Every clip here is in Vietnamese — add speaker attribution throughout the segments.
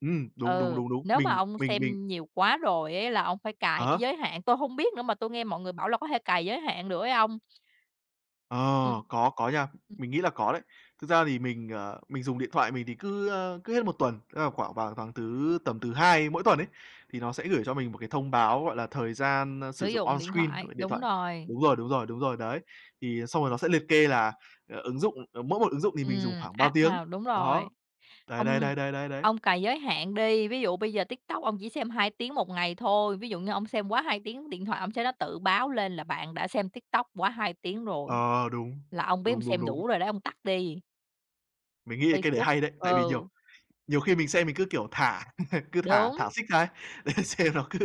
Speaker 1: Ừm, đúng, đúng,
Speaker 2: Ừ,
Speaker 1: đúng, đúng.
Speaker 2: nếu mà
Speaker 1: Mình
Speaker 2: ông
Speaker 1: mình mình
Speaker 2: xem nhiều quá rồi ấy là ông phải
Speaker 1: À
Speaker 2: cài cái
Speaker 1: há.
Speaker 2: giới hạn. Tôi hông biết nữa, mà tôi nghe mọi người bảo là có thể cài giới hạn được ấy ông.
Speaker 1: Ờ,
Speaker 2: Ừm.
Speaker 1: có có nha,
Speaker 2: Ừm.
Speaker 1: mình nghĩ là có đấy. Thực ra thì mình, ờ, mình dùng điện thoại mình thì cứ, ơ, cứ hết 1 tuần, tức là khoảng vào tháng thứ tầm thứ Hai mỗi tuần ấy, thì nó sẽ gửi cho mình một cái thông báo, gọi là, thời gian, ơ,
Speaker 2: Sử
Speaker 1: sử dụng
Speaker 2: dụng
Speaker 1: on
Speaker 2: điện
Speaker 1: screen
Speaker 2: thoại,
Speaker 1: của điện
Speaker 2: đúng
Speaker 1: thoại.
Speaker 2: rồi.
Speaker 1: Đúng rồi, đúng rồi, đúng rồi, đấy. Thì xong rồi nó sẽ liệt kê là, ờ, ứng dụng ờ, mỗi một ứng dụng thì mình dùng
Speaker 2: Ừm,
Speaker 1: khoảng bao
Speaker 2: app
Speaker 1: tiếng.
Speaker 2: nào đúng rồi.
Speaker 1: Đó. Đấy, đấy,
Speaker 2: Ông
Speaker 1: đấy, đấy, đấy, đấy.
Speaker 2: ông cài giới hạn đi, ví dụ bây giờ TikTok ông chỉ xem 2 tiếng 1 ngày thôi, ví dụ như ông xem quá 2 tiếng điện thoại, ông sẽ nó tự báo lên là bạn đã xem TikTok quá 2 tiếng rồi,
Speaker 1: Ờ, đúng,
Speaker 2: là ông biết ông
Speaker 1: đúng, đúng,
Speaker 2: xem
Speaker 1: đúng.
Speaker 2: đủ rồi đó ông tắt đi.
Speaker 1: Mình nghĩ cái đấy
Speaker 2: Facebook,
Speaker 1: hay đấy, tại vì nhiều
Speaker 2: ừ.
Speaker 1: nhiều khi mình xem mình cứ, kiểu, thả, cứ thả
Speaker 2: Đúng.
Speaker 1: thả xích ra ấy, để xem nó cứ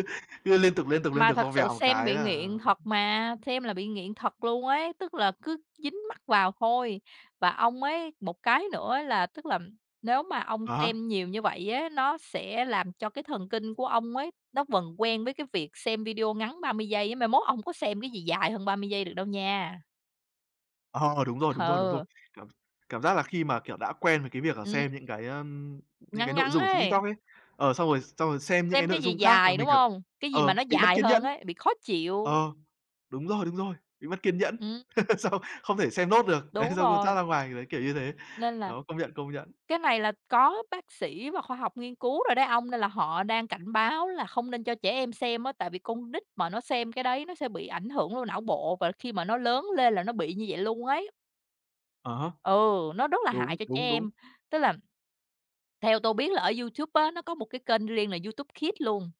Speaker 1: cứ liên tục, liên tục, liên
Speaker 2: Mà
Speaker 1: tục xong
Speaker 2: thật sự
Speaker 1: vèo một
Speaker 2: xem
Speaker 1: cái
Speaker 2: bị
Speaker 1: là
Speaker 2: nghiện thật mà, xem là bị nghiện thật luôn ấy, tức là cứ dính mắt vào thôi. Và ông ấy, một cái nữa là tức là nếu mà ông
Speaker 1: À há.
Speaker 2: xem nhiều như vậy á, nó sẽ làm cho cái thần kinh của ông ấy, nó vần quen với cái việc xem video ngắn 30 giây á. Mai mốt ông không có xem cái gì dài hơn 30 giây được đâu nha.
Speaker 1: Ờ, đúng rồi, đúng rồi, đúng rồi.
Speaker 2: Ừ.
Speaker 1: Cảm cảm giác là khi mà, kiểu, đã quen với cái việc là
Speaker 2: Ừm.
Speaker 1: xem những cái, ưm, những
Speaker 2: Ngắn
Speaker 1: cái nội
Speaker 2: ngắn
Speaker 1: dung ở trên TikTok
Speaker 2: ấy.
Speaker 1: ấy, ờ, xong rồi xong rồi xem những
Speaker 2: Xem
Speaker 1: cái
Speaker 2: cái
Speaker 1: nội
Speaker 2: gì
Speaker 1: dung khác là
Speaker 2: dài, đúng
Speaker 1: mình cả
Speaker 2: hông? Cái gì mà
Speaker 1: ờ,
Speaker 2: nó
Speaker 1: bị mất
Speaker 2: dài
Speaker 1: kiến nhẫn.
Speaker 2: hơn ấy, bị khó chịu.
Speaker 1: Ờ, đúng rồi, đúng rồi, bị mất kiên nhẫn,
Speaker 2: Ưm, ừm.
Speaker 1: xong không thể xem nốt được, đấy,
Speaker 2: Đúng
Speaker 1: xong cứ
Speaker 2: rồi.
Speaker 1: thoát ra ngoài, đấy, kiểu như thế.
Speaker 2: Nên là
Speaker 1: Đó, công nhận, công nhận.
Speaker 2: cái này là có bác sĩ và khoa học nghiên cứu rồi đấy ông, nên là họ đang cảnh báo là không nên cho trẻ em xem á. Tại vì con nít mà nó xem cái đấy nó sẽ bị ảnh hưởng vô não bộ, và khi mà nó lớn lên là nó bị như vậy luôn ấy.
Speaker 1: À há.
Speaker 2: Ừ, nó rất là
Speaker 1: Đúng,
Speaker 2: hại cho trẻ
Speaker 1: đúng, đúng.
Speaker 2: em, tức là theo tôi biết là ở YouTube á, nó có một cái kênh riêng là YouTube Kids luôn.